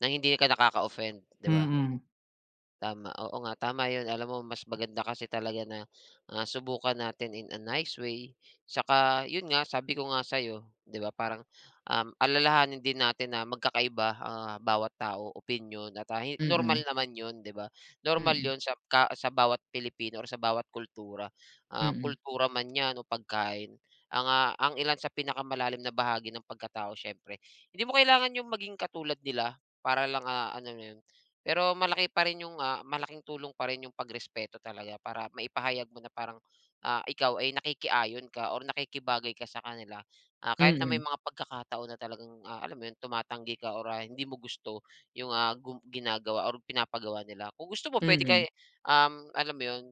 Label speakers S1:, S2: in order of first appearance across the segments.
S1: Nang hindi ka nakaka-offend, 'di ba?
S2: Mm.
S1: Tama, oo nga, tama yun. Alam mo mas maganda kasi talaga na, ah, subukan natin in a nice way, tsaka yun nga sabi ko nga sa'yo, 'di ba, parang, um, alalahanin din natin na magkakaiba, ah, bawat tao, opinyon, at, ah, normal
S2: Mm.
S1: naman yun, 'di ba, normal
S2: Mm.
S1: yun sa ka sa bawat Pilipino or sa bawat kultura. Ah,
S2: Mm.
S1: kultura man yan o pagkain. Ang, ah, ang ilan sa pinakamalalim na bahagi ng pagkatao siyempre, hindi mo kailangan yung maging katulad nila para lang, ah, ano na yun, pero malaki pa rin yung, ah, malaking tulong pa rin yung pagrespeto talaga para maipahayag mo na parang, ah, ikaw ay nakikiayon ka or nakikibagay ka sa kanila. Ah, kahit na may
S2: Mm.
S1: mga pagkakataon na talagang, ah, alam mo yun, tumatanggi ka or, ah, hindi mo gusto yung, ah, gu ginagawa or pinapagawa nila. Kung gusto mo puwede kay,
S2: Mm.
S1: um, alam mo yun,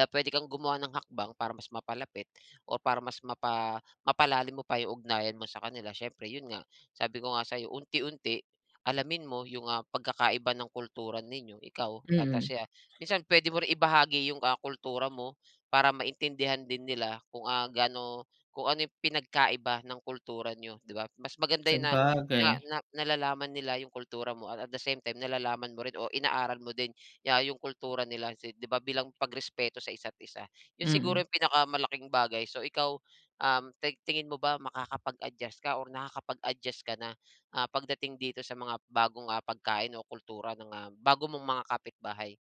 S1: ah, puwede kang gumawa ng hakbang para mas mapalapit o para mas mapa mapalalim mo pa yung ugnayan mo sa kanila, siyempre yun nga, sabi ko nga sa'yo, unti-unti, alamin mo yung, ah, pagkakaiba ng kultura ninyo, ikaw at
S2: Mm.
S1: siya, minsan puwede mo rin ibahagi yung, ah, kultura mo para maintindihan din nila kung, ah, gaano kung ano yung pinagkaiba ng kultura niyo, 'di ba? Mas maganda yun na na
S2: Sabagay.
S1: na nalalaman nila yung kultura mo, at at the same time, nalalaman mo rin o inaaral mo din ya yung kultura nila. Kasi 'di ba bilang pagrespeto sa isa't isa. Yun siguro
S2: Mm.
S1: yung pinakamalaking bagay. So, ikaw, um, tig tingin mo ba makakapag-adjust ka or nakakapag-adjust ka na, ah, pagdating dito sa mga bagong, ah, pagkain o kultura ng, ah, bago mong mga kapitbahay?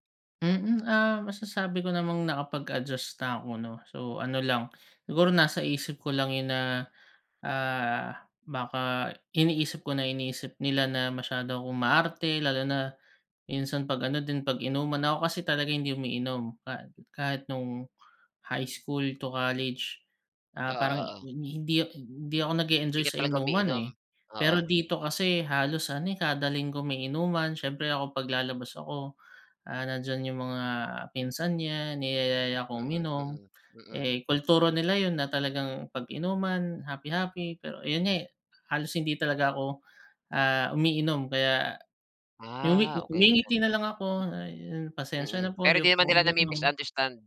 S2: Mm, ah, masasabi ko namang nakapag-adjust na ako, 'no? So ano lang, siguro nasa isip ko lang yun na, ah, baka iniisip ko na iniisip nila na masyado akong maarte lalo na minsan 'pag ano din, pag-inuman. Ako kasi talaga hindi umiinom ka kahit nung high school to college, ah,
S1: Oo,
S2: parang hi
S1: oo.
S2: hindi, hindi ako nag-e-enjoy
S1: Hindi
S2: sa
S1: ka talaga
S2: inuman
S1: umiinom?
S2: eh.
S1: Oo.
S2: Pero dito kasi halos ano eh, kada linggo may inuman, siyempre ako 'pag lalabas ako, ah, nandiyan yung mga, ah, pinsan niya, niyayaya akong
S1: Mm,
S2: uminom,
S1: mm, mm.
S2: eh kultura nila yun na talagang 'pag inuman, happy-happy. Pero ayun nga eh, halos hindi talaga ako, ah, umiinom kaya, ngumi
S1: Ah, okey. So
S2: ngumingiti nalang ako, ah, yung pasensya
S1: Hmm. Mm.
S2: na po
S1: Pero
S2: hindi
S1: di naman
S2: po ako
S1: nila
S2: umiinom.
S1: nami-misunderstand?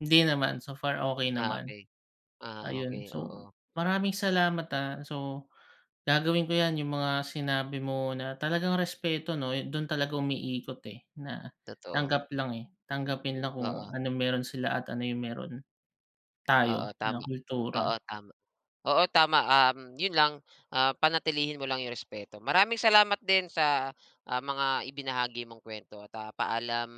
S2: Hindi naman. So far, okey
S1: Ah,
S2: naman.
S1: okey. Ah,
S2: Ayun,
S1: okey,
S2: so,
S1: oo.
S2: maraming salamat ah. So, gagawin ko yan yung mga sinabi mo na talagang respeto, 'no, dun talaga umiikot eh, na
S1: Totoo.
S2: tanggap lang eh, tanggapin lang kung
S1: Oo.
S2: anong meron sila at ano yung meron
S1: Oo,
S2: tayo na
S1: tama. Oo,
S2: kultura.
S1: tama. Oo, tama, um, yun lang, ah, panatilihin mo lang yung respeto. Maraming salamat din sa, ah, mga ibinahagi mong kwento at ah, paalam.